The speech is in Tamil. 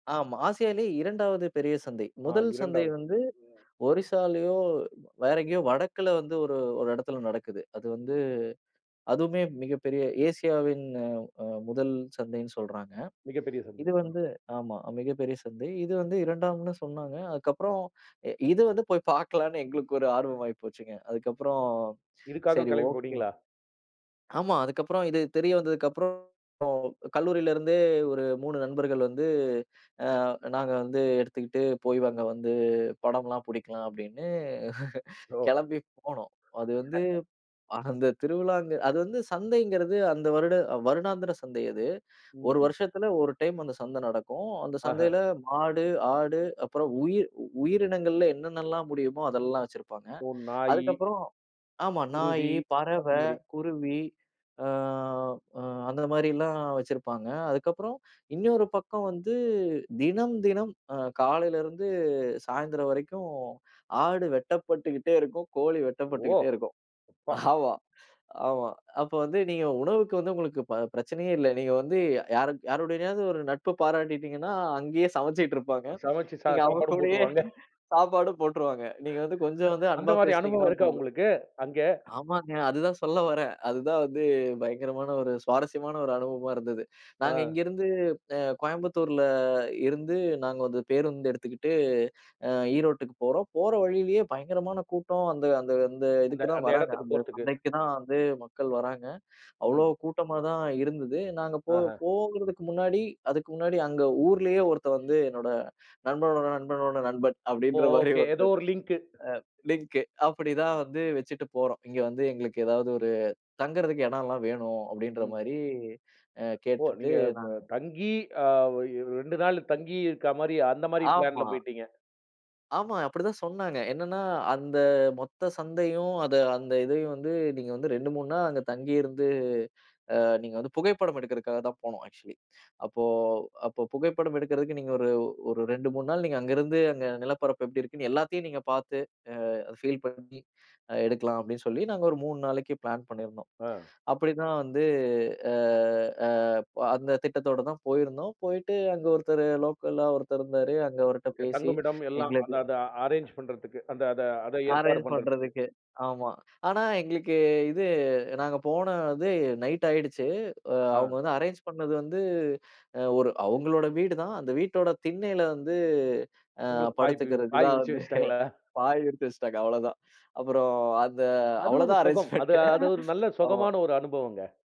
ஆமா. ஆசியாலே 2வது பெரிய சந்தை. அ, 1 சந்தை 2வது வந்து சிஎஸ்ல. ஒரிசாலியோ வேற எங்கயோ வடக்கில வந்து ஒரு ஒரு இடத்துல நடக்குது. அது வந்து அதுவுமே மிகப் பெரிய ஏசியவின் அ, அ 1 சந்தைன்னு சொல்றாங்க. மிகப்பெரிய சந்தை. இது அ. வந்து ஆமா. மிகப்பெரிய சந்தை. இது வந்து 2ம்னு சொன்னாங்க. அதுக்கப்புறம் அ, இது வந்து போய்ப் பார்க்கலாம்னு எங்களுக்கு ஒரு ஆர்வம் ஆயிப்போச்சுங்க. அதுக்கப்புறம் இதுக்காகக் சரி கிளம்பிப் ஓகே போனீங்களா? ஆமா. அதுக்கப்புறம் இது தெரியவந்ததுக்கு அப்புறம் கல்லூரிலிருந்தே ஒரு 3 நண்பர்கள் வந்து அ, நாங்க வந்து எடுத்துக்கிட்டு போய் அங்க வந்து படம் எல்லாம் புடிக்கலாம் அப்டின்னு ஓ! கிளம்பி போனோம். அது வந்து அந்த திருவிழா, அங்க அது வந்து சந்தைங்கிறது அந்த வருட வருடாந்திர சந்தை அது. ம், 1 ம். வருஷத்துல 1 டைம் அந்தச் சந்தை நடக்கும். அந்தச் ஆஹ. சந்தையில மாடு, ஆடு அப்புறம் உயிர் உயிரினங்கள்ல என்னென்னலாம் முடியுமோ அதெல்லாம் வச்சிருப்பாங்க. ஓ! நாய அதுக்கப்புறம் ஆமா. குருவி, நாயி, அந்த பறவை, மாரி. குருவி அ, அ, அந்த மாதிரி எல்லாம் வச்சிருப்பாங்க. அதுக்கப்புறம் இன்னொரு பக்கம் வந்து தினம் தினம் அ, காலையிலருந்து சாயந்திரம் வரைக்கும் ஆடு வெட்டப்பட்டுகிட்டே இருக்கும். கோழி ஓ! வெட்டப்பட்டுகிட்டே இருக்கும். அப்பா. ஆமா, ஆமா. அப்ப வந்து நீங்க உணவுக்கு வந்து உங்களுக்குப் ப பிரச்சனையே இல்ல. நீங்க வந்து யாரு யாருடையனாவது ஒரு நட்பு பாராட்டிட்டீங்கன்னா, அங்கயே சமைச்சிட்டு இருப்பாங்க. சமைச்சு சா நீங்க அவங்க சாப்பாடும் கூடயே போட்டுருவாங்க. சாப்பாடும் போட்டுருவாங்க. நீங்க வந்து கொஞ்சம் வந்து அந்த அன்பா மாதிரி அனுபவம் பேசுனீங்கன்னா இருக்கா போதும். உங்களுக்கு அங்க? ஆமாங்க. அதுதான் சொல்ல வரேன். அதுதான் வந்து பயங்கரமான ஒரு சுவாரஸ்யமான ஒரு அனுபவமா இருந்தது. நாங்க ஆ. இங்க இருந்து அ, கோயம்புத்தூர்ல இருந்து நாங்க வந்து பேருந்து எடுத்துக்கிட்டு அ, ஈரோட்டுக்கு போறோம். போற வழியிலே பயங்கரமான கூட்டம் அந்த அந்த அந்த அந்த இதுக்குதான் அந்த வராங்க. எடத்துக்குப் அந்தச் போறதுக்கு. சந்தைக்குதான் வந்து மக்கள் வராங்க. அவ்வளோ ம். கூட்டமா தான் இருந்தது. நாங்க போ ஆஹ. போங்கறதுக்கு முன்னாடி அதுக்கு முன்னாடி அங்க ஊர்லயே ஒருத்தன் வந்து என்னோட நண்பனோட நண்பனோட நண்பன் ஓ! அப்படின்ற மாதிரி ஒகே, எதோ ஒருத்தர் அ, ஒரு லிங்க். லிங்க். அப்படி தான் வந்து வச்சிட்டு போறோம். இங்க வந்து எங்களுக்கு ஏதாவது ஒரு தங்கறதுக்கு இடம் எல்லாம் வேணும் அப்டின்ற ம். மாதிரி அ, ஓ! கேட்டுட்டு நீங்க ப நாங்க தங்கி அ, ஓ! அ, 2 நாள் தங்கி இருக்க மாரி அந்த மாதிரி பிளான்ல ஆமா. போயிட்டீங்க. ஆமா. அப்படி தான் சொன்னாங்க. என்னன்னா அந்த மொத்த சந்தையும், அத அந்த இதையும் வந்து நீங்க வந்து, 2 3 நாள் அங்க தங்கியிருந்து அ, நீங்க வந்து புகைப்படம் எடுக்கறதுக்காகதான் போனோம் ஆக்ச்சுவலி. அப்போ அப்போ புகைப்படம் எடுக்கறதுக்கு நீங்க ஒரு ஒரு 2 3 நாள் நீங்க அங்க இருந்து, அந்த நிலப்பரப்பு எப்படி இருக்குன்னு எல்லாத்தையும் நீங்கப் பார்த்து அ, ஃபீல் பண்ணி எடுக்கலாம் அப்டின்னு சொல்லி நாங்க ஒரு 3 நாளைக்கு பிளான் பண்ணியிருந்தோம். ஆ. அப்டின்னு தான் வந்து அ, அ, அந்தத் திட்டத்தோடு தான் போயிருந்தோம். போயிட்டு அங்க ஒருத்தர் லோக்கலா ஒருத்தர் இருந்தாரு. அங்க அவர்ட்ட ஓகே. பேசி தங்குமிடம் எல்லாம் எங்களுக்கு அதான் அதான் அரேன்ஜ் பண்றதுக்கு அந்த அத அதை ஏற்பாடு அரேன்ஜ் பண்றதுக்கு. பண்றதுக்கு. ஆமா. ஆனா, எங்களுக்கு இது நாங்க போனது நைட் ஆயிடுச்சு. அவங்க ஆ. வந்து அரேன்ஜ் பண்ணுனது வந்து அ, ஒரு அவங்களோட வீடு தான். அந்த வீட்டோட திண்ணையில வந்து அ, உங்களுக்குப் பாய் பு படுத்துக்கிறதுக்கு பாய் தான் விரிச்சு வந்து வச்சிட்டாங்களா? பாய் எடுத்து வச்சிட்டாங்க அவ்வள தான். அப்புறம் அந்த அது அவ்வள ஒரு தான் சுகம். அது, அரேன்ஜ்மெண்ட். அ, ஒரு நல்ல ஆமா. சுகமான ஒரு அனுபவம்ங்க.